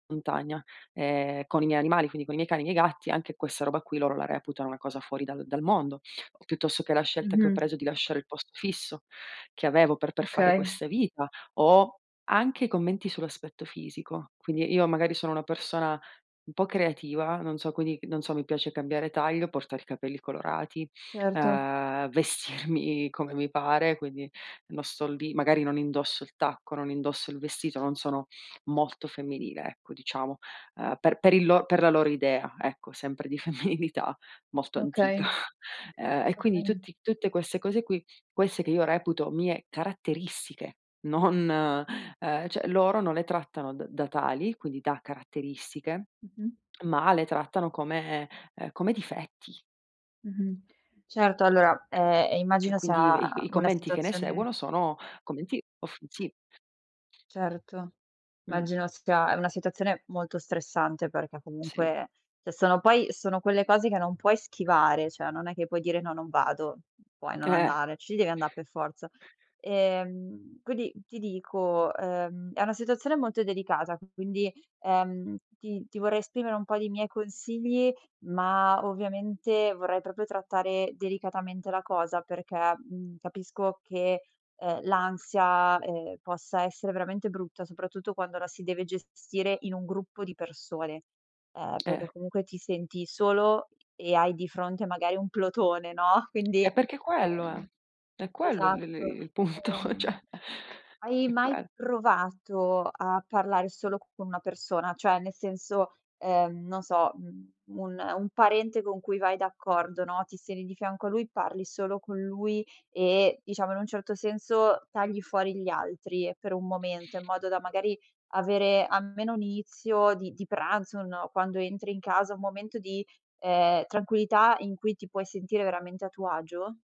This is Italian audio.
Montagna, ehm, con i miei animali, quindi con i miei cani e i miei gatti, anche questa roba qui loro la reputano una cosa fuori dal dal mondo. Piuttosto che la scelta che ho Mh-mh. preso di lasciare il posto fisso che avevo per per fare Okay. questa vita o anche commenti sull'aspetto fisico. Quindi io magari sono una persona un po' creativa, non so quindi non so, mi piace cambiare taglio, portare i capelli colorati, Certo. ehm, vestirmi come mi pare, quindi non sto lì magari non indosso il tacco, non indosso il vestito, non sono molto femminile ecco diciamo, ehm per per il lo per la loro idea ecco, sempre di femminilità molto antica. Okay. Ehm, e quindi Okay. tutti tutte queste cose qui, queste che io reputo mie caratteristiche, non, uhm, cioè loro non le trattano da da tali, quindi da caratteristiche, Mh-mh. ma le trattano come uhm, come difetti. Mh-mh. Certo allora, ehm, e Cioè, immagino quindi sia i i una commenti che ne situazione seguono sono commenti offensi Certo, Mh. immagino sia è una situazione molto stressante perché Sì. comunque se sono poi sono quelle cose che non puoi schivare, cioè non è che puoi dire: "No, non vado" puoi non Eh. andare, ci devi anda' per forza. Ehm, quindi ti dico, ehm, è una situazione molto delicata, che quindi, ehm, ti ti vorrei esprimere un po' di miei consigli, ma ovviamente vorrei proprio trattare delicatamente la cosa perché, mhmm, capisco che, uhm, l'ansia, ehm, possa essere veramente brutta, soprattutto quando la si deve gestire in un gruppo di persone. Ehm, perché Eh. comunque ti senti solo e hai di fronte magari un plotone no, quindi E perché quello è ehm, è quello il il esatto. il punto cioè, Ehm, hai è mai quel provato a parlare solo con una persona? Cioè nel senso, ehm, non so, mhmm, un un parente con cui vai d'accordo, no, ti stendi di fianco a lui, parli solo con lui e diciamo in un certo senso tagli fuori gli altri per un momento in modo da, magari, avere almeno un inizio di di pranzo, un no, quando entri in casa un momento di, ehm, tranquillità in cui ti puoi sentire veramente a tuo agio?